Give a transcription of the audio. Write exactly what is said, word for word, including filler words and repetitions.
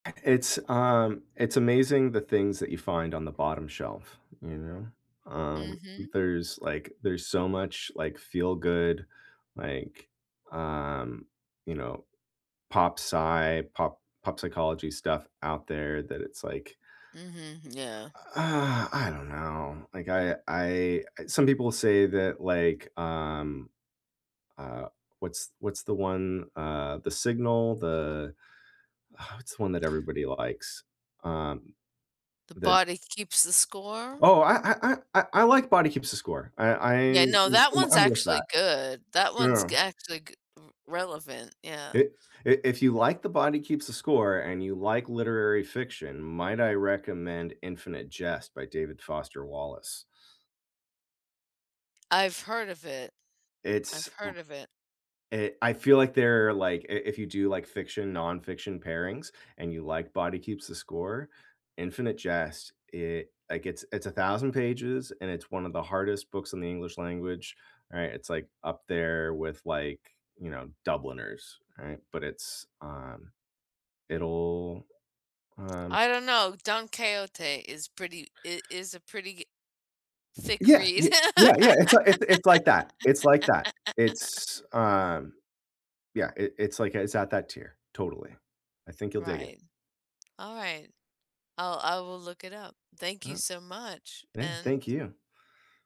It's, um it's amazing the things that you find on the bottom shelf, you know, um, Mhm. there's like there's so much like feel-good, like, um you know, pop psy pop pop psychology stuff out there that it's like Mhm, yeah. Uh, I don't know. Like I I some people say that like, um uh what's what's the one, uh, the signal, the What's one that everybody likes, um, The the Body Keeps the Score? Oh, I I I I I like Body Keeps the Score. I Yeah, I'm no, that I'm one's I'm with actually that. good, that one's g Yeah. actually g r relevant, I yeah. i if you like The Body Keeps the Score, and you like literary fiction, might I recommend Infinite Jest by David Foster Wallace. I've heard of it. I've It's heard of it. Eh, I feel like they're like i if you do like fiction, nonfiction pairings, and you like Body Keeps the Score, Infinite Jest, it like it's it's a thousand pages, and it's one of the hardest books in the English language, right? It's like up there with like, you know, Dubliners, right? But it's, um It'll um I don't know. Don Quixote is pretty it is a pretty g thick Yeah yeah read yeah yeah it's it's it's like that it's like that. It's, um yeah, it it's like it's at that tier, totally, I think you'll dig it. Right. All right. I'll I will look it up. Thank you Uh-huh. so much Yeah, and thank you.